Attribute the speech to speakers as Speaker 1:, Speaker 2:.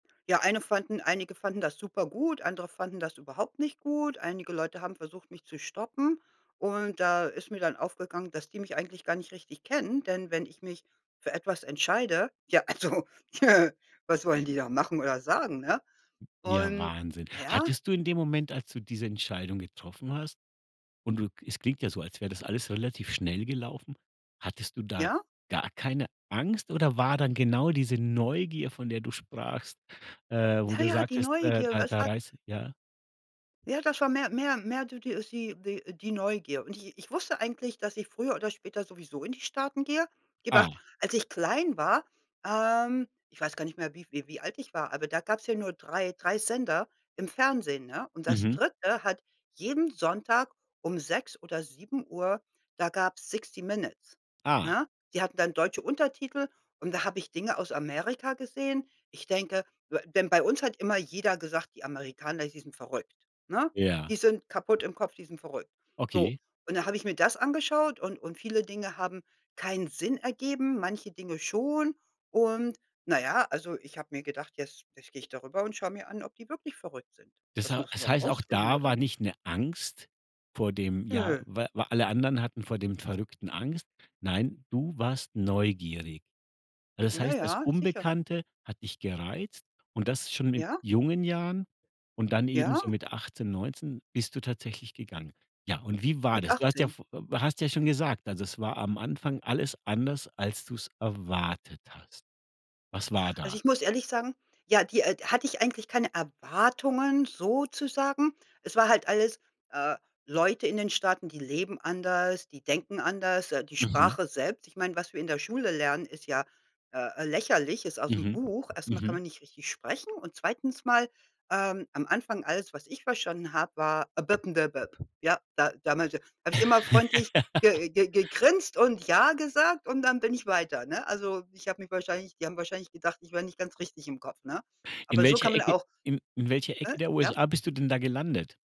Speaker 1: Ja, eine fanden einige fanden das super gut, andere fanden das überhaupt nicht gut. Einige Leute haben versucht, mich zu stoppen und da ist mir dann aufgegangen, dass die mich eigentlich gar nicht richtig kennen, denn wenn ich mich für etwas entscheide, ja, also, was wollen die da machen oder sagen, ne?
Speaker 2: Ja,
Speaker 1: Und,
Speaker 2: Wahnsinn.
Speaker 1: na ja
Speaker 2: Hattest du in dem Moment, als du diese Entscheidung getroffen hast und du k es klingt ja so, als wär das alles relativ schnell gelaufen, hattest du da
Speaker 1: Ja.
Speaker 2: gar keine Angst oder war dann genau diese Neugier, von der du sprachst, äh, wo
Speaker 1: Na
Speaker 2: du
Speaker 1: ja, die
Speaker 2: sagtest, äh,
Speaker 1: Neugier,
Speaker 2: da
Speaker 1: was
Speaker 2: da
Speaker 1: wa
Speaker 2: reiß ja?
Speaker 1: Ja, das war mehr mehr mehr du d äh, sie die äh, die Neugier. Und ich ich wusste eigentlich, dass ich früher oder später sowieso in die Staaten gehe. Gib Acht,
Speaker 2: Ah.
Speaker 1: als ich klein war, ähm ich weiß gar nicht mehr, wie v wie wie alt ich war, aber da gab's ja nur 3- 3 Sender im Fernsehen, ne? Und das
Speaker 2: Mhm.
Speaker 1: 3. hat jeden Sonntag um 6 oder 7:00 da gab's Sixty Minutes,
Speaker 2: Ah.
Speaker 1: ne? Die hatten dann deutsche Untertitel und da habe ich Dinge aus Amerika gesehen. Ich denke we denn bei uns hat immer jeder gesagt: „Die Amerikaner, die sind verrückt“, ne?
Speaker 2: Ja.
Speaker 1: „Die sind kaputt im Kopf. Die sind verrückt.“ So,
Speaker 2: Okay.
Speaker 1: und dann habe ich mir das angeschaut und und viele Dinge haben keinen Sinn ergeben, manche Dinge schon. Und na ja, also, ich habe mir gedacht: „Jetzt jetzt gehe ich darüber und schaue mir an, ob die wirklich verrückt sind.“
Speaker 2: Das
Speaker 1: Das
Speaker 2: hei
Speaker 1: muss
Speaker 2: das
Speaker 1: man auch
Speaker 2: heißt, auch
Speaker 1: rausfinden,
Speaker 2: da
Speaker 1: oder?
Speaker 2: war nicht 'ne Angst vor dem ja,
Speaker 1: Nö.
Speaker 2: wa wa alle anderen hatten vor dem Verrückten Angst. Nein, du warst neugierig. Das
Speaker 1: Ja,
Speaker 2: heißt, das
Speaker 1: ja, sicher.
Speaker 2: Unbekannte hat dich gereizt und das schon mit
Speaker 1: Ja?
Speaker 2: jungen Jahren und dann eben
Speaker 1: Ja.
Speaker 2: so mit 18, 19 bist du tatsächlich gegangen. Ja, und wie war
Speaker 1: Mit
Speaker 2: das? Du hast ja
Speaker 1: 18.
Speaker 2: v hast ja schon gesagt, also es war am Anfang alles anders, als du's erwartet hast. Was war
Speaker 1: Also
Speaker 2: da?
Speaker 1: ich muss ehrlich sagen, ja, die äh, hatte ich eigentlich keine Erwartungen, sozusagen. Es war halt alles äh, Leute in den Staaten, die leben anders, die denken anders, äh, die
Speaker 2: Mhm.
Speaker 1: Sprache selbst ich meine, was wir in der Schule lernen, ist ja, äh, lächerlich ist aus'm
Speaker 2: Mhm,
Speaker 1: Buch. Erst mal kann
Speaker 2: mhm.
Speaker 1: man nicht richtig sprechen und 2. mal, ähm am Anfang, alles, was ich verstanden habe, war, [unintelligible] Ja, da damals habe ich immer freundlich ge ge gegrinst und ja gesagt und dann bin ich weiter, ne? Also ich habe mich wahrscheinlich die haben wahrscheinlich gedacht, ich wär nicht ganz richtig im Kopf, ne?
Speaker 2: In
Speaker 1: Aber so kann
Speaker 2: welcher
Speaker 1: man
Speaker 2: Ecke
Speaker 1: auch
Speaker 2: in in welcher Ecke
Speaker 1: äh,
Speaker 2: der
Speaker 1: ja?
Speaker 2: USA bist du denn da gelandet?